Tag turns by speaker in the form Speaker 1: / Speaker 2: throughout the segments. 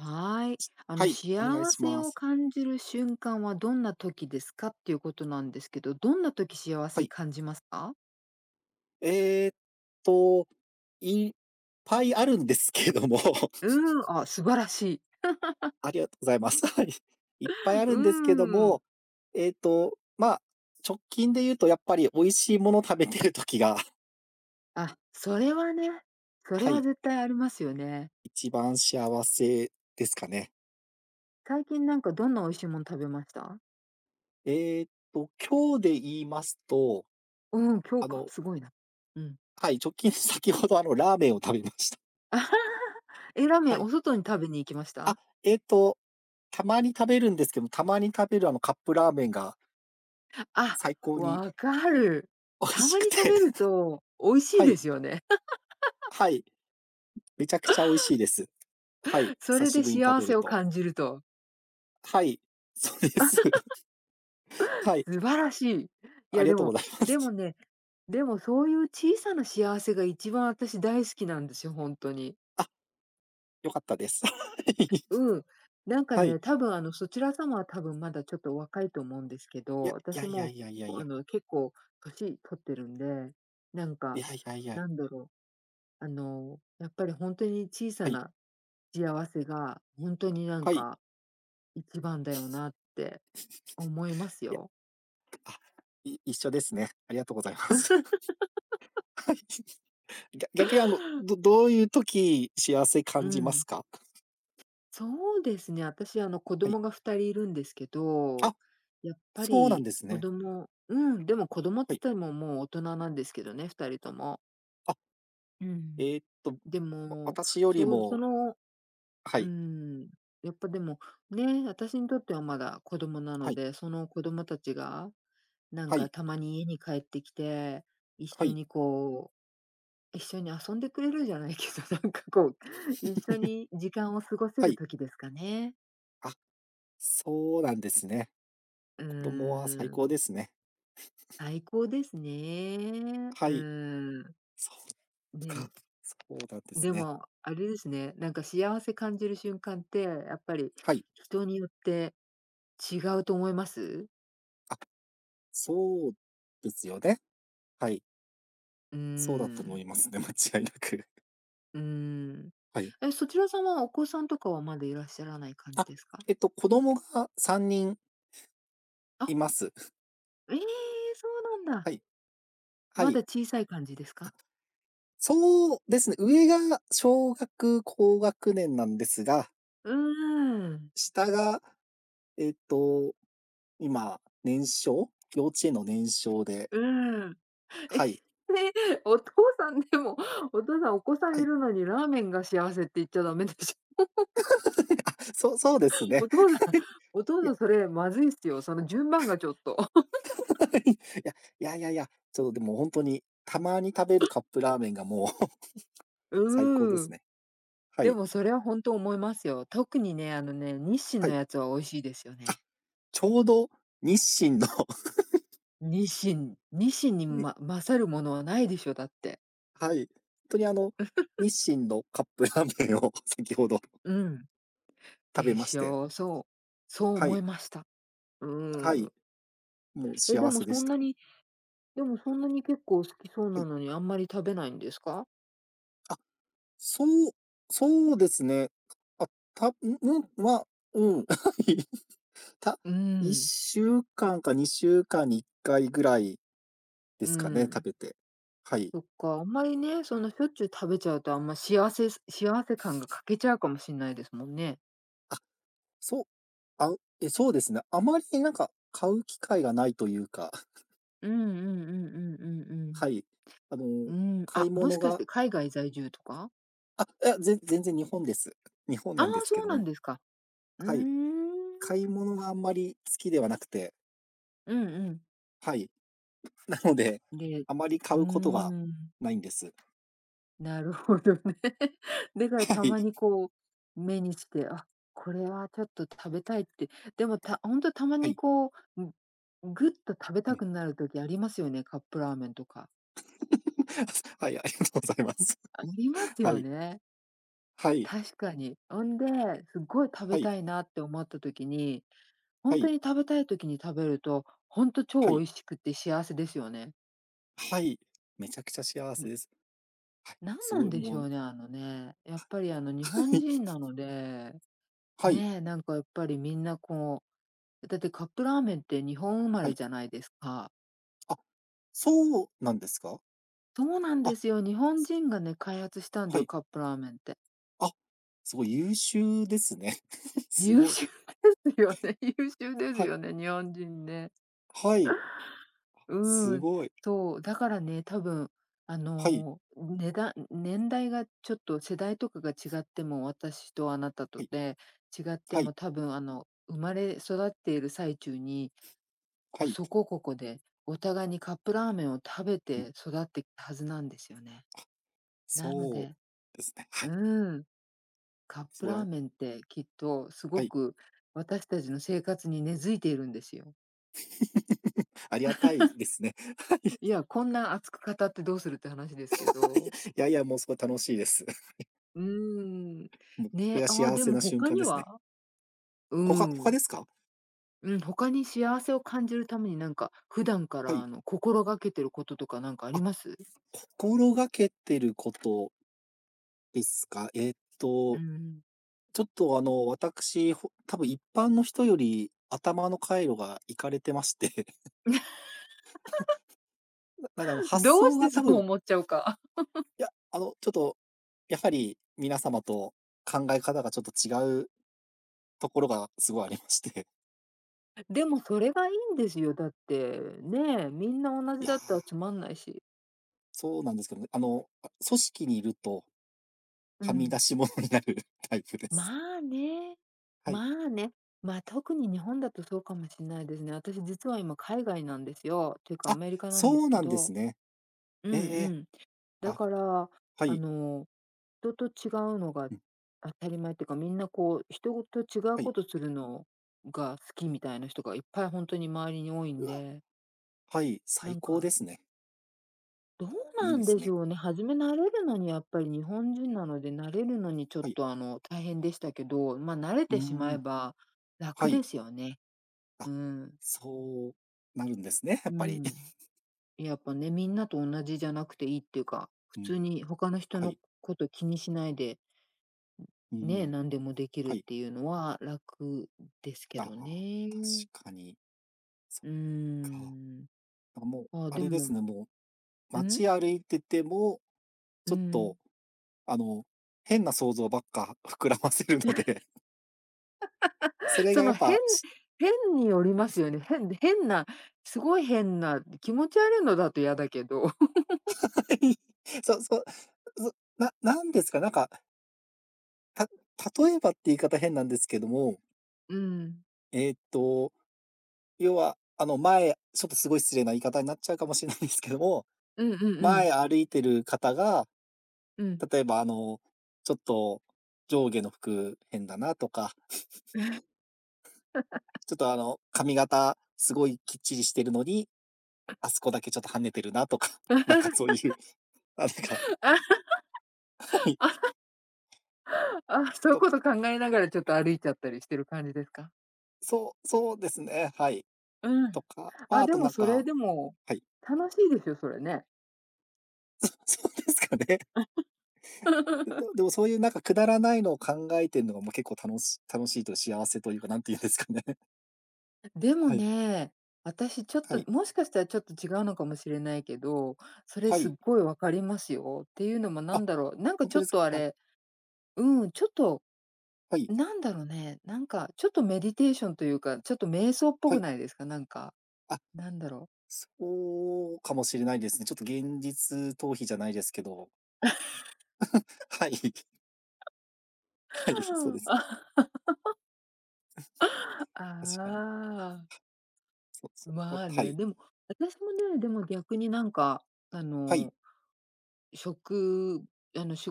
Speaker 1: はい。あ
Speaker 2: は
Speaker 1: の、
Speaker 2: い、
Speaker 1: 幸
Speaker 2: お願いし
Speaker 1: せ
Speaker 2: ま
Speaker 1: を
Speaker 2: す。
Speaker 1: 感じる瞬間はどんな時ですかっていうことなんですけど、どんな時幸
Speaker 2: は
Speaker 1: せ
Speaker 2: い。
Speaker 1: 感じますか？
Speaker 2: えっと、いっぱいあるんですけども。
Speaker 1: うん、あ、素晴らしい。
Speaker 2: ありがとうございます。はい。いっぱいある
Speaker 1: う
Speaker 2: んですけど
Speaker 1: ん。
Speaker 2: も、えっと、まあ、直近で言うと、やっぱり美味しいもの食べてる時が
Speaker 1: あ、それはね、それ
Speaker 2: は
Speaker 1: は
Speaker 2: い。
Speaker 1: 絶対ありますよね。
Speaker 2: 一番幸せですかね。
Speaker 1: 最近なんかどんな美味しいもん食べました？
Speaker 2: ええと、今日で言いますと、
Speaker 1: うん、今日
Speaker 2: あ
Speaker 1: か、
Speaker 2: の
Speaker 1: すごいな。うん。
Speaker 2: はい、直近先ほどあの、ラーメンを食べました。
Speaker 1: え、ラーメ
Speaker 2: は
Speaker 1: ン、
Speaker 2: い。
Speaker 1: お外に食べに行きまし
Speaker 2: あ、
Speaker 1: た？
Speaker 2: えっと、たまに食べるんですけど、たまに食べる、あの、カップラーメンが
Speaker 1: あ、
Speaker 2: 最高に
Speaker 1: 分かる。
Speaker 2: 美味
Speaker 1: た
Speaker 2: し
Speaker 1: ま
Speaker 2: く
Speaker 1: に食
Speaker 2: て
Speaker 1: べると美味し
Speaker 2: は
Speaker 1: いで
Speaker 2: い。
Speaker 1: すよね。
Speaker 2: はい。めちゃくちゃ美味しいです。はい。
Speaker 1: そ
Speaker 2: 久
Speaker 1: れ
Speaker 2: し
Speaker 1: で
Speaker 2: ぶりに食
Speaker 1: 幸
Speaker 2: べ
Speaker 1: せ
Speaker 2: る
Speaker 1: を
Speaker 2: と
Speaker 1: 感じると。
Speaker 2: はい。そうです。はい。
Speaker 1: 素晴らしい。い
Speaker 2: あ
Speaker 1: や
Speaker 2: りが
Speaker 1: で
Speaker 2: とうご
Speaker 1: も
Speaker 2: ざいま
Speaker 1: で
Speaker 2: す。
Speaker 1: もねでもそういう小さな幸せが1番あたし大好きなんですよ、ほんとに。
Speaker 2: あ、良かったです、はい。
Speaker 1: うん。なんか
Speaker 2: はい。
Speaker 1: ね、多分あの、そちら様は多分まだちょっとお若いと思うんですけ
Speaker 2: いや、
Speaker 1: ど、あた
Speaker 2: いや
Speaker 1: し
Speaker 2: いや
Speaker 1: も
Speaker 2: いやいやい
Speaker 1: う、あ
Speaker 2: や。
Speaker 1: の、結構年取ってるんで、なん
Speaker 2: い
Speaker 1: か、
Speaker 2: やいやいや。
Speaker 1: なんだろう。あの、やっぱりほんとに小さ
Speaker 2: はい。
Speaker 1: な幸せが、ほんとになん
Speaker 2: はい。
Speaker 1: か1番だよなって、思いま す
Speaker 2: いや。
Speaker 1: よ。
Speaker 2: あ、い一緒ですね。ありがとうございます。は い。ぎゃ逆にあの、どどういう時、幸せ
Speaker 1: う
Speaker 2: 感じます
Speaker 1: ん。
Speaker 2: か？
Speaker 1: そうですね、あたしあの子
Speaker 2: はい。
Speaker 1: 供が2人いるんですけ
Speaker 2: あ、
Speaker 1: ど、やっぱ
Speaker 2: そうなん
Speaker 1: り
Speaker 2: です
Speaker 1: 子
Speaker 2: ね。
Speaker 1: 供うん、でも子供っ
Speaker 2: は
Speaker 1: つっ
Speaker 2: い。
Speaker 1: てももう大人なんですけどね2人とも。
Speaker 2: あ。
Speaker 1: うん。
Speaker 2: えっと、わ
Speaker 1: でも、
Speaker 2: 私より
Speaker 1: そ、そ
Speaker 2: も
Speaker 1: の
Speaker 2: は
Speaker 1: うー
Speaker 2: い。
Speaker 1: ん、やっぱでも、ね、あたしにとってはまだ子供なの
Speaker 2: はい。
Speaker 1: で、その子供たちが、なん
Speaker 2: は
Speaker 1: か
Speaker 2: い。
Speaker 1: たまに家に帰ってきて、一
Speaker 2: は
Speaker 1: 緒
Speaker 2: い。
Speaker 1: にこう、一緒に遊んでくれるじゃないけど、なんかこう、一緒 に時間を過ごせ
Speaker 2: は
Speaker 1: る
Speaker 2: い。
Speaker 1: 時ですかね。
Speaker 2: あ、そうなんですね。
Speaker 1: う
Speaker 2: 子供は最
Speaker 1: ー
Speaker 2: 高
Speaker 1: ん。
Speaker 2: ですね。
Speaker 1: 最高ですね。
Speaker 2: は
Speaker 1: う
Speaker 2: い、
Speaker 1: ーん。
Speaker 2: そっか、
Speaker 1: ね。
Speaker 2: そうなんです
Speaker 1: で
Speaker 2: ね。
Speaker 1: も、あれですね。なんか幸せ感じる瞬間って、やっぱり
Speaker 2: はい。
Speaker 1: 人によって違うと思います？
Speaker 2: あ、そうですよね。はい。
Speaker 1: うー
Speaker 2: そうだと思い
Speaker 1: ん。
Speaker 2: ますね、間違いなく。
Speaker 1: うーん。
Speaker 2: はい。
Speaker 1: え、そちらさんはお子さんとかは、まだいらっしゃらない感じ
Speaker 2: あ、
Speaker 1: ですか？
Speaker 2: えっと子供が3人
Speaker 1: あ。
Speaker 2: います。
Speaker 1: ええ、そうなんだ。
Speaker 2: はい。は
Speaker 1: ま
Speaker 2: い。
Speaker 1: だ小さい感じです
Speaker 2: あ、
Speaker 1: か？
Speaker 2: そうですね。上が小学高学年なんですが。
Speaker 1: うーん。
Speaker 2: 下が、えっと、今、年少幼稚園の年少で。
Speaker 1: うん。え、
Speaker 2: はい。
Speaker 1: ね。お父さんでも、お父さんお子さん
Speaker 2: は
Speaker 1: い
Speaker 2: い。
Speaker 1: るのにラーメンが幸せって言っちゃだめでしょ。
Speaker 2: あ、そうそうですね。
Speaker 1: お
Speaker 2: はい、
Speaker 1: 父さん、お父
Speaker 2: い
Speaker 1: さ
Speaker 2: や。
Speaker 1: んそれまずいっすよ、その順番がちょっと。
Speaker 2: はい。いや、いやいやいや、ちょっとでもほんとに、たまに食べるカップラーメンがもう 最高で
Speaker 1: う
Speaker 2: す
Speaker 1: ん。
Speaker 2: ね。は
Speaker 1: で
Speaker 2: い。
Speaker 1: もそれはほんと思いますよ。特にね、あのね、日清
Speaker 2: は
Speaker 1: の
Speaker 2: い。
Speaker 1: やつは美味しいですよ
Speaker 2: あ、
Speaker 1: ね。
Speaker 2: ちょうど、日清の。
Speaker 1: 日清、日清に
Speaker 2: んに。
Speaker 1: ま勝るものはないでしょ、だって。
Speaker 2: はい。とに、あの、日清のカップラーメンを先ほど
Speaker 1: うん。
Speaker 2: 食べ
Speaker 1: で
Speaker 2: まし
Speaker 1: し
Speaker 2: て。
Speaker 1: ょう、そうそう
Speaker 2: は
Speaker 1: 思
Speaker 2: い。
Speaker 1: いました。う
Speaker 2: は
Speaker 1: ー
Speaker 2: い、
Speaker 1: ん。
Speaker 2: もう
Speaker 1: え、で
Speaker 2: 幸
Speaker 1: も
Speaker 2: せで
Speaker 1: そ
Speaker 2: し
Speaker 1: んな
Speaker 2: た。
Speaker 1: にでもそんなに結構好きそう
Speaker 2: は
Speaker 1: な
Speaker 2: い。
Speaker 1: のに、あんまり食べないんですか？
Speaker 2: あ、そうそうですね。く、あ、たううん、ま、うん。はい、た
Speaker 1: う
Speaker 2: いっ
Speaker 1: ん。
Speaker 2: しゅうかんか2週間に1回ぐらいで
Speaker 1: う
Speaker 2: すかね、食
Speaker 1: ん。
Speaker 2: べて。はい。
Speaker 1: そっか、あんまりね、その、しょっちゅう食べちゃうと、あんま幸せ幸せ感が 欠けちゃうかもしんないですもんね。
Speaker 2: あ、そあうえ、そうですな。あまりなんか、買う機会がないというか。
Speaker 1: うんうんうんうんうん
Speaker 2: はい。あの
Speaker 1: うん。うん、
Speaker 2: 買い
Speaker 1: あ、も
Speaker 2: 物
Speaker 1: しかし
Speaker 2: が。
Speaker 1: て海外在住とか？
Speaker 2: あ、いや、ぜ全然日本です。日本
Speaker 1: ああ、
Speaker 2: なんですけ
Speaker 1: そう
Speaker 2: ど
Speaker 1: なん
Speaker 2: も。
Speaker 1: ですか。うー
Speaker 2: はい。買い
Speaker 1: ん。
Speaker 2: 物があんまり好きではなくて。
Speaker 1: うんうん。
Speaker 2: はい。ん、なので、
Speaker 1: で、
Speaker 2: あまり
Speaker 1: う
Speaker 2: 買
Speaker 1: ー
Speaker 2: うことが
Speaker 1: ん。
Speaker 2: ないんです。
Speaker 1: なるほどね。だから
Speaker 2: は
Speaker 1: た
Speaker 2: い。
Speaker 1: まにこう、目にして、あ、これはちょっと食べたいって。でもたほんとたま
Speaker 2: は
Speaker 1: に
Speaker 2: い。
Speaker 1: こう、ん、ん、ぐっと食べ
Speaker 2: え
Speaker 1: た
Speaker 2: え。
Speaker 1: くなる時ありますよね、カップラーメンとか。
Speaker 2: すはい、ありますあります。
Speaker 1: あります
Speaker 2: は
Speaker 1: よ
Speaker 2: い。
Speaker 1: ね。
Speaker 2: はい。
Speaker 1: 確かに。おんで、すごい食
Speaker 2: は
Speaker 1: べ
Speaker 2: い。
Speaker 1: たいなって思った時に、ほ
Speaker 2: は
Speaker 1: んと
Speaker 2: い。
Speaker 1: に食べたい時に食べると、ほんと
Speaker 2: は
Speaker 1: 超
Speaker 2: い。
Speaker 1: 美味しくって幸せですよね。
Speaker 2: はい。めちゃくちゃ幸
Speaker 1: う
Speaker 2: せ
Speaker 1: ん。
Speaker 2: です。はい、
Speaker 1: 何
Speaker 2: す
Speaker 1: なん
Speaker 2: ごい
Speaker 1: でし
Speaker 2: も
Speaker 1: ょうね、あのね、やっぱりあの、日
Speaker 2: は
Speaker 1: 本
Speaker 2: い。
Speaker 1: 人な ので、
Speaker 2: はい。
Speaker 1: ねえ。なんかやっぱりみんなこう。え、だってカップラーメンって日本生ま
Speaker 2: は
Speaker 1: れ
Speaker 2: い。
Speaker 1: じゃないですか。
Speaker 2: あ。そうなんですか？
Speaker 1: そうなんで
Speaker 2: あ
Speaker 1: すよ。日本
Speaker 2: す
Speaker 1: 人がね、開発したんだ
Speaker 2: は
Speaker 1: よ、
Speaker 2: い。
Speaker 1: カップラーメンって。
Speaker 2: あ。すごい優秀ですね。す
Speaker 1: 優
Speaker 2: ごい。
Speaker 1: 秀 ですよね。優秀です
Speaker 2: はい。
Speaker 1: よね、日本人ね。
Speaker 2: はい。す
Speaker 1: うん。
Speaker 2: ごい。
Speaker 1: そう。だからね、多分、あ
Speaker 2: はい。
Speaker 1: の、うねだんん年代がちょっと世代とかが違っても、私とあなた
Speaker 2: は
Speaker 1: と
Speaker 2: い。
Speaker 1: で、違って
Speaker 2: はい。
Speaker 1: も多分あの、生まれ育っている最中に、こ
Speaker 2: は
Speaker 1: う
Speaker 2: い。
Speaker 1: そこここで、お互いにカップラーメンを食べ
Speaker 2: う
Speaker 1: て
Speaker 2: ん。
Speaker 1: 育ってったはずなんですよね。なの
Speaker 2: そ
Speaker 1: で
Speaker 2: うですね、はい。
Speaker 1: うん。カッ
Speaker 2: す
Speaker 1: プ
Speaker 2: ごいあ
Speaker 1: ラーメンってきっとす
Speaker 2: は
Speaker 1: ご
Speaker 2: い。
Speaker 1: く、私たちの生活に根付いているんですよ。
Speaker 2: ありがたい ですね。はい。
Speaker 1: いや、こんな熱く語ってどうするって話ですけど。
Speaker 2: いや、いやいや、もうすごい楽しいです。
Speaker 1: うーん、
Speaker 2: も、これ
Speaker 1: ね、
Speaker 2: は
Speaker 1: あ、
Speaker 2: 幸
Speaker 1: で
Speaker 2: せ
Speaker 1: も
Speaker 2: な瞬
Speaker 1: 他
Speaker 2: 間
Speaker 1: に
Speaker 2: ですね。
Speaker 1: は？う
Speaker 2: ほか他
Speaker 1: ん。
Speaker 2: ですか？
Speaker 1: うん、他に幸せを感じるためになんか、普段か
Speaker 2: は
Speaker 1: ら
Speaker 2: い。
Speaker 1: あの心がけてることとかなんかあり
Speaker 2: あ、
Speaker 1: ます？
Speaker 2: 心がけてることですか？えっ
Speaker 1: う
Speaker 2: と、
Speaker 1: ん。
Speaker 2: ちょっとあの私ほ多分一般の人より頭の回路がいかれてまして。ななんかあの、発
Speaker 1: どう
Speaker 2: 想
Speaker 1: し
Speaker 2: が
Speaker 1: てそ
Speaker 2: 多
Speaker 1: う
Speaker 2: 分
Speaker 1: 思っちゃうか。
Speaker 2: いや、あの、ちょっと、やはり皆様と考え方がちょっと違うところがすごいありまして。
Speaker 1: でもそれがいいんですよ、だって。ねえ、みんな同
Speaker 2: い
Speaker 1: じ
Speaker 2: や。
Speaker 1: だったらつまんないし。
Speaker 2: そうなんですけどね。あの、あ、組織にいると、
Speaker 1: う
Speaker 2: はみ
Speaker 1: ん。
Speaker 2: 出し物になるタイプです。
Speaker 1: まあね。
Speaker 2: は
Speaker 1: ま
Speaker 2: い。
Speaker 1: あね。ま、特に日本だとそうかもしんないですね。私実は今海外なんですよ。っていうか、ア
Speaker 2: あ、
Speaker 1: メリカなん
Speaker 2: そ
Speaker 1: です
Speaker 2: う
Speaker 1: け
Speaker 2: なんで
Speaker 1: ど。
Speaker 2: すね。
Speaker 1: う
Speaker 2: え
Speaker 1: んう
Speaker 2: え、
Speaker 1: ん。だ
Speaker 2: あ、
Speaker 1: から、
Speaker 2: は
Speaker 1: あ
Speaker 2: い。
Speaker 1: の、人と違うのが
Speaker 2: うん。
Speaker 1: 当たり前っていうか、みんなこう人と違う
Speaker 2: はい。
Speaker 1: ことするのが好きみたいな人がいっぱいほんとに周りに多いん
Speaker 2: うわ。
Speaker 1: で。
Speaker 2: はい、
Speaker 1: な
Speaker 2: 最
Speaker 1: ん
Speaker 2: 高で
Speaker 1: か
Speaker 2: すね。
Speaker 1: どう
Speaker 2: い
Speaker 1: な
Speaker 2: いで
Speaker 1: んで
Speaker 2: す
Speaker 1: し
Speaker 2: ね。
Speaker 1: ょうね、初め慣れるのにやっぱり日本人なので、慣れるのにちょっ
Speaker 2: はい。
Speaker 1: と、あの、大変でしたけど、ま、慣れ
Speaker 2: うー
Speaker 1: てしま
Speaker 2: ん。
Speaker 1: えば、
Speaker 2: は
Speaker 1: 楽
Speaker 2: い。
Speaker 1: ですよね。
Speaker 2: あ。
Speaker 1: うん。
Speaker 2: そうなるんですね、や
Speaker 1: う
Speaker 2: っ
Speaker 1: ー
Speaker 2: ぱり。
Speaker 1: ん。やっぱね、みんなと同じじゃなくて良いっていうか、普
Speaker 2: うん。
Speaker 1: 通に他の人
Speaker 2: は
Speaker 1: の
Speaker 2: い。
Speaker 1: 事気にしないで、
Speaker 2: うんう
Speaker 1: ん、
Speaker 2: ん
Speaker 1: ね、
Speaker 2: うん。
Speaker 1: なんでもできる
Speaker 2: は
Speaker 1: っ
Speaker 2: い。
Speaker 1: ていうのは楽ですけ
Speaker 2: あ
Speaker 1: ど
Speaker 2: あ。
Speaker 1: ね。
Speaker 2: 確かに。そっ
Speaker 1: うー
Speaker 2: か。なん
Speaker 1: ん。
Speaker 2: かもう、
Speaker 1: あ、
Speaker 2: あ
Speaker 1: で
Speaker 2: れです
Speaker 1: も
Speaker 2: ね、もう、
Speaker 1: うん？
Speaker 2: 街歩いてても、
Speaker 1: う
Speaker 2: ちょっと、
Speaker 1: ん。
Speaker 2: あの、変な想像ばっか膨らませるので。そ れが
Speaker 1: そ
Speaker 2: や
Speaker 1: の
Speaker 2: っ
Speaker 1: 変
Speaker 2: ぱ、し
Speaker 1: 変によりますよね、変変なすごい変な、気持ち悪いのだと嫌だけど。
Speaker 2: はい。そうそう。そう、ななんですか、なんかた例えばって言い方変なんですけども
Speaker 1: うん。
Speaker 2: えっと、要は、あの、前ちょっとすごい失礼な言い方になっちゃうかもしれないですけども、
Speaker 1: うんうんうん。
Speaker 2: 前歩いてる方が、
Speaker 1: うん。
Speaker 2: 例えば、あの、ちょっと上下の服変だなとか、ちょっとあの、髪型すごいきっちりしてるのに、あすこだけちょっと跳ねてるなとか、なんかそういう、なんかはい。
Speaker 1: あ、そゆ
Speaker 2: と
Speaker 1: こ
Speaker 2: か。
Speaker 1: と考えながらちょっと歩いちゃったりしてる感じですか？
Speaker 2: そうそうですね、はい。
Speaker 1: うん。
Speaker 2: とか、まあ、
Speaker 1: あ、
Speaker 2: あ
Speaker 1: で
Speaker 2: とな
Speaker 1: も
Speaker 2: ん
Speaker 1: それ
Speaker 2: か、
Speaker 1: でも
Speaker 2: はい。
Speaker 1: 楽しいですよ、それね。
Speaker 2: そそうですかね。ででも でも、そういうなんかくだらないのを考えてい
Speaker 1: [unintelligible]
Speaker 2: るのがもう結構楽し楽しいと、幸せというか、何て言うんですかね。
Speaker 1: あ、でも
Speaker 2: はい。
Speaker 1: ね、私ちょっ
Speaker 2: は
Speaker 1: と、
Speaker 2: い。
Speaker 1: もしかしたらちょっと違うのかもしれないけど、それ
Speaker 2: は
Speaker 1: すっ
Speaker 2: い。
Speaker 1: ごい分かりますよ。っていうのもな
Speaker 2: あ、
Speaker 1: んだろう。なんか
Speaker 2: ほん
Speaker 1: ちょ
Speaker 2: とで
Speaker 1: っ
Speaker 2: すか？
Speaker 1: とあ
Speaker 2: はい。
Speaker 1: れ、うん、ちょっと、
Speaker 2: はい。
Speaker 1: なんだろね。なんかちょっとメディテーションというか、ちょっと瞑想っぽ
Speaker 2: は
Speaker 1: く
Speaker 2: い。
Speaker 1: ないですか？なんか、
Speaker 2: あ、
Speaker 1: なんだろう？
Speaker 2: そうかもしれないですね。ちょっと現実逃避じゃないですけど。はい。はい、そうです。
Speaker 1: あ
Speaker 2: 確かに。
Speaker 1: あ。
Speaker 2: そう-そう、うん、
Speaker 1: まあ
Speaker 2: は
Speaker 1: ね。
Speaker 2: い。
Speaker 1: でも私もね、でも逆になんか、あ
Speaker 2: はい。
Speaker 1: の、しょくあの仕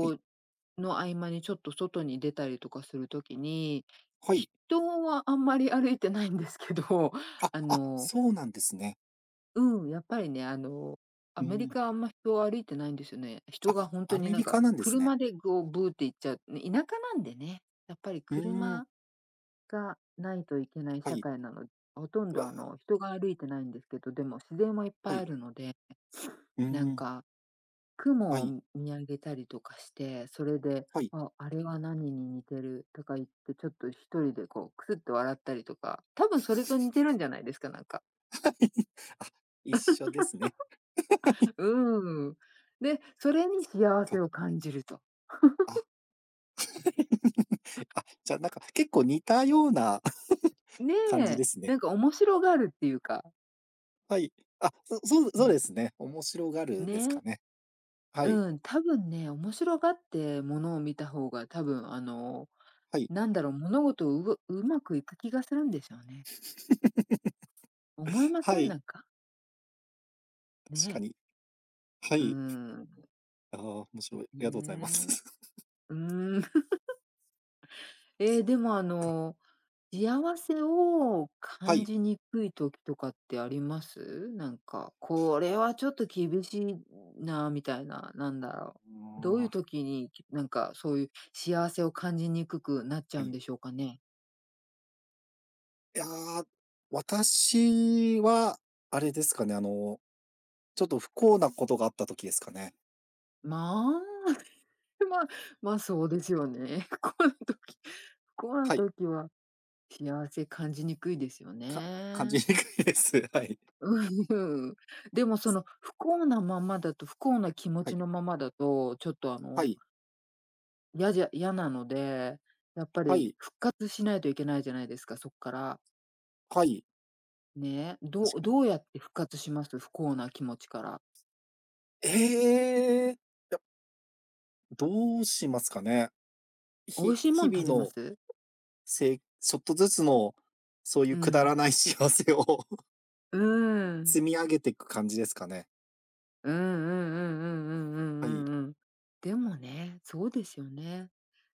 Speaker 2: はい。
Speaker 1: の合間にちょっと外に出たりとかする時に、
Speaker 2: はい。
Speaker 1: 人はあんまり歩いてないんですけど、
Speaker 2: あ
Speaker 1: あ
Speaker 2: あ、
Speaker 1: の。
Speaker 2: そうなんですね。
Speaker 1: うん、やっぱりね、あの、ア
Speaker 2: う
Speaker 1: メリ
Speaker 2: ん。
Speaker 1: カはあんま人、歩いてないんですよね。人
Speaker 2: あ、
Speaker 1: がほんと
Speaker 2: ア
Speaker 1: に、
Speaker 2: メ
Speaker 1: なん
Speaker 2: リカ
Speaker 1: か、
Speaker 2: なんですね。
Speaker 1: 車でこう、ブーって行っちゃう。ね、田舎なんでね。やっぱり
Speaker 2: うーん。
Speaker 1: 車がないといけない
Speaker 2: は
Speaker 1: 社
Speaker 2: い。
Speaker 1: 会なのほとんど
Speaker 2: が
Speaker 1: あ
Speaker 2: あ。
Speaker 1: の、人が歩いてないんですけど、でも、自然もいっ
Speaker 2: は
Speaker 1: ぱい
Speaker 2: い。
Speaker 1: あるので。
Speaker 2: うー
Speaker 1: なん
Speaker 2: ん。
Speaker 1: か、
Speaker 2: は
Speaker 1: 雲を
Speaker 2: い。
Speaker 1: む見上げたりとかして、それで、
Speaker 2: はい。
Speaker 1: あ、あれは何に似てるとか言って、ちょっと一人で、こう、クスっと笑ったりとか。多分それと似てる んじゃないですか？なんか。
Speaker 2: はい。あ、一緒ですね。はい。
Speaker 1: うーん。で、それに幸せ
Speaker 2: と。
Speaker 1: を感じると。
Speaker 2: あ。
Speaker 1: あ。
Speaker 2: あ、じゃ、なんか、結構似たような 感じ
Speaker 1: ね。
Speaker 2: ですね。
Speaker 1: なんか面白がるっていうか。
Speaker 2: はい。あ、そそう
Speaker 1: う
Speaker 2: そうで
Speaker 1: ん。
Speaker 2: すね。面白がる、です
Speaker 1: ね。
Speaker 2: かね。はい。
Speaker 1: うん、多分ね、面白がって物を見た方が、多分、あの、
Speaker 2: はい。
Speaker 1: なんだろう、物事をうご上手くいく気がするんですよね。思いま
Speaker 2: は
Speaker 1: せん？
Speaker 2: い。
Speaker 1: なんか。
Speaker 2: 確か
Speaker 1: ね。
Speaker 2: に。は
Speaker 1: う
Speaker 2: い。
Speaker 1: ん。
Speaker 2: ああ、面白い。ありがとうございます。
Speaker 1: ね。う ん。ええ、
Speaker 2: そっ
Speaker 1: でもあ
Speaker 2: か。
Speaker 1: の、幸せを
Speaker 2: は
Speaker 1: 感
Speaker 2: い。
Speaker 1: じにくい時とかってあります？なんか、これはちょっと厳しいなみたいな、なんだろ
Speaker 2: う
Speaker 1: う。どういう
Speaker 2: わ。
Speaker 1: 時に、きなんかそういう幸せを感じにくくなっちゃ
Speaker 2: は
Speaker 1: うん
Speaker 2: い。
Speaker 1: でしょうかね？
Speaker 2: いや、私は、あれですかね。あの、ちょっと不幸なことがあった時ですかね。
Speaker 1: まあ、ま、ま、そうですよね。不幸な時、不幸な
Speaker 2: はい。
Speaker 1: 時は幸せ感じにくいですよ
Speaker 2: か感じ
Speaker 1: ね。
Speaker 2: にくいです。はい。
Speaker 1: うん。でもその不幸なままだと、不幸な気持
Speaker 2: はい。
Speaker 1: ちのままだと、ちょっとあ
Speaker 2: は
Speaker 1: の
Speaker 2: い。
Speaker 1: やじゃ嫌なので、やっぱ
Speaker 2: は
Speaker 1: り
Speaker 2: い。
Speaker 1: 復活しないといけないじゃないですか、そっから。
Speaker 2: はい。
Speaker 1: ね、どう
Speaker 2: 確か
Speaker 1: ど
Speaker 2: に。
Speaker 1: うやって復活します？不幸な気持ちから。
Speaker 2: ええ。どうしますかね？
Speaker 1: 美味
Speaker 2: 日
Speaker 1: しいもん
Speaker 2: 日
Speaker 1: 食べ
Speaker 2: 々
Speaker 1: ま
Speaker 2: の
Speaker 1: す？
Speaker 2: せいちょっとずつの、そうい
Speaker 1: う
Speaker 2: うくだ
Speaker 1: ん。
Speaker 2: らない幸せを
Speaker 1: うーん。
Speaker 2: 積み上げてく感じですかね。
Speaker 1: うんうんうんうん
Speaker 2: はい。
Speaker 1: うんうんうんうん。でもね、そうですよね。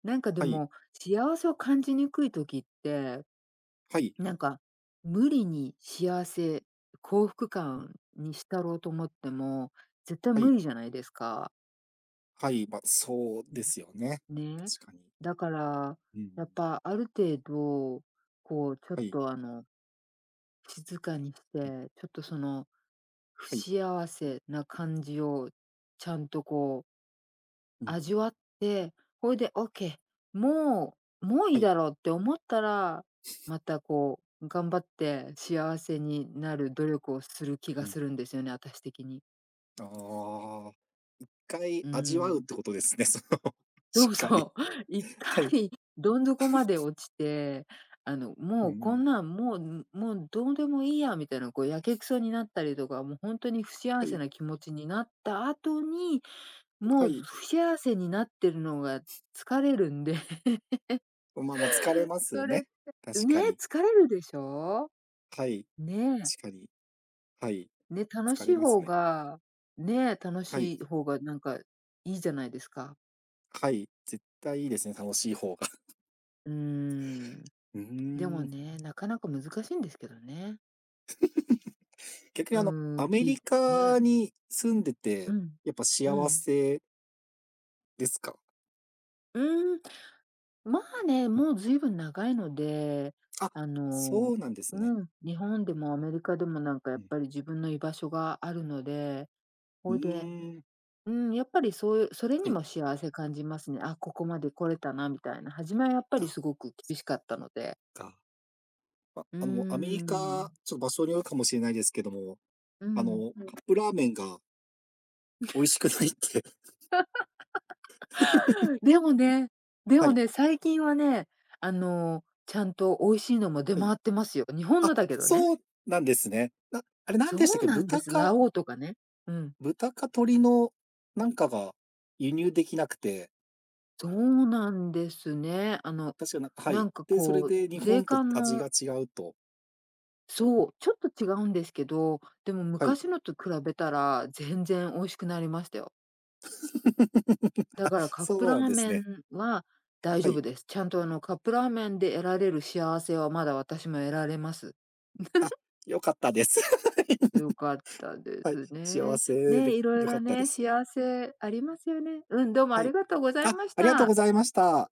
Speaker 1: なんかで
Speaker 2: はい。
Speaker 1: も、幸せを感じにくい時って、
Speaker 2: はい。
Speaker 1: なんか、無理に幸せ幸福感に浸ろうと思っても、絶対
Speaker 2: あ
Speaker 1: 無
Speaker 2: い。
Speaker 1: 理じゃないですか。
Speaker 2: はい。ま、そう
Speaker 1: ね、
Speaker 2: ですよね、
Speaker 1: ね。
Speaker 2: 確かに。
Speaker 1: だから、
Speaker 2: う
Speaker 1: やっ
Speaker 2: ん。
Speaker 1: ぱ、ある程度、こうちょっ
Speaker 2: はい。
Speaker 1: とあの静かにし
Speaker 2: うん。
Speaker 1: て、ちょっとその、不
Speaker 2: はい。
Speaker 1: 幸せな感じをちゃんとこう
Speaker 2: うん。
Speaker 1: 味わって、ほいで、オッケー、もうもうい
Speaker 2: は
Speaker 1: い
Speaker 2: い。
Speaker 1: だろうって思ったら、またこう頑張って幸せになる努力をする気
Speaker 2: う
Speaker 1: が
Speaker 2: ん。
Speaker 1: するんですよね、あたし的に。
Speaker 2: ああ。一回
Speaker 1: う
Speaker 2: 味わうっ
Speaker 1: ん。
Speaker 2: てことですね、その、し
Speaker 1: そ
Speaker 2: っ
Speaker 1: う
Speaker 2: かり。
Speaker 1: そう。一
Speaker 2: はい。はい。
Speaker 1: 回、どん底まで落ちて、あの
Speaker 2: う
Speaker 1: もう、こん
Speaker 2: ん。
Speaker 1: なんもう、ん、もうどうでもいいやみたいな、こうやけくそになったりとか、もうほんとに不
Speaker 2: は
Speaker 1: 幸せ
Speaker 2: い。
Speaker 1: な気持ちになった後に、
Speaker 2: は
Speaker 1: もう
Speaker 2: い。
Speaker 1: 不幸せになってるのが、疲れるんで。
Speaker 2: おままあ疲れますよ
Speaker 1: それっ
Speaker 2: ね。
Speaker 1: て
Speaker 2: 確
Speaker 1: うねえ、
Speaker 2: かに。
Speaker 1: 疲れるでしょ
Speaker 2: はい。
Speaker 1: う？ねえ。
Speaker 2: しかに。はい。
Speaker 1: ね、楽
Speaker 2: 疲
Speaker 1: し
Speaker 2: れ
Speaker 1: い
Speaker 2: ます
Speaker 1: 方
Speaker 2: ね。
Speaker 1: がねえ、楽
Speaker 2: はい。
Speaker 1: しい方がなんか、良いじゃないですか。
Speaker 2: はい、絶対いいですね、楽しい方 が。
Speaker 1: うーん。
Speaker 2: う
Speaker 1: で
Speaker 2: ー
Speaker 1: も
Speaker 2: ん。
Speaker 1: ね、なかなか難しいんですけどね。
Speaker 2: 逆にあの
Speaker 1: う
Speaker 2: ア
Speaker 1: ん、
Speaker 2: メリ
Speaker 1: きね。
Speaker 2: カに住んで
Speaker 1: う
Speaker 2: て、
Speaker 1: ん、
Speaker 2: やっぱ
Speaker 1: う
Speaker 2: 幸
Speaker 1: ん。
Speaker 2: せですか？
Speaker 1: うん。まあね、もうずいぶん長いので。
Speaker 2: あ、
Speaker 1: あ
Speaker 2: そ
Speaker 1: の
Speaker 2: うなんですね。
Speaker 1: うん、日本でもアメリカでもなんかや
Speaker 2: う
Speaker 1: っ
Speaker 2: ん。
Speaker 1: ぱり自分の居場所があるので。
Speaker 2: う
Speaker 1: ほいで
Speaker 2: ーん。
Speaker 1: うん、やっぱりそうそれ
Speaker 2: は
Speaker 1: に
Speaker 2: い。
Speaker 1: も幸せ感じますね。あ、ここまで来れたなみたいな。初めはやっぱ
Speaker 2: あ、
Speaker 1: りすごく
Speaker 2: そ
Speaker 1: 厳しかったので。
Speaker 2: か。あ、
Speaker 1: うー
Speaker 2: あもアメリカ、
Speaker 1: ん。
Speaker 2: ちょ場所によるかもしれないですけども。
Speaker 1: う
Speaker 2: あ
Speaker 1: ん。
Speaker 2: のカップラーメンが美味しくないって。
Speaker 1: でもね、で
Speaker 2: は
Speaker 1: も
Speaker 2: い。
Speaker 1: ね、最近はね、あのちゃんと美味しいのも出
Speaker 2: はい。
Speaker 1: 回ってますよ。日本
Speaker 2: あ、
Speaker 1: のだけどね。
Speaker 2: そうなんですね。なあれ何
Speaker 1: そ
Speaker 2: でしたっ
Speaker 1: う
Speaker 2: け、
Speaker 1: なんで
Speaker 2: 豚
Speaker 1: す。
Speaker 2: か
Speaker 1: ラ王とかねうん。
Speaker 2: 豚か鶏のなんかが輸入できなくて
Speaker 1: そうなんですね。あの、
Speaker 2: 確かなは
Speaker 1: な
Speaker 2: い。
Speaker 1: んか
Speaker 2: で、それ
Speaker 1: こ
Speaker 2: で日
Speaker 1: う、税
Speaker 2: 本と
Speaker 1: 関
Speaker 2: 味
Speaker 1: の
Speaker 2: が違うと。
Speaker 1: そう、ちょっと違うんですけど。でも
Speaker 2: はい。
Speaker 1: 昔のと比べたら、全然美味しくなりましたよ。だ
Speaker 2: あ、
Speaker 1: からカップ
Speaker 2: そう
Speaker 1: ラ
Speaker 2: なん
Speaker 1: ー
Speaker 2: です
Speaker 1: メ
Speaker 2: ね。
Speaker 1: ンは大
Speaker 2: は
Speaker 1: 丈
Speaker 2: い。
Speaker 1: 夫です。ちゃんとあのカップラーメンで得られる幸せはまだ私も得られます。
Speaker 2: あ、良かったです。
Speaker 1: 良かった で
Speaker 2: はい、
Speaker 1: す
Speaker 2: 幸
Speaker 1: ね
Speaker 2: せ
Speaker 1: ね、
Speaker 2: で
Speaker 1: いろい
Speaker 2: 良か
Speaker 1: ろ
Speaker 2: ったで
Speaker 1: ね、
Speaker 2: す。
Speaker 1: 幸せありますよね。うん、どうも
Speaker 2: は
Speaker 1: あり
Speaker 2: い。
Speaker 1: がとうござい
Speaker 2: あ
Speaker 1: まし
Speaker 2: ありがとう
Speaker 1: た。
Speaker 2: ございました。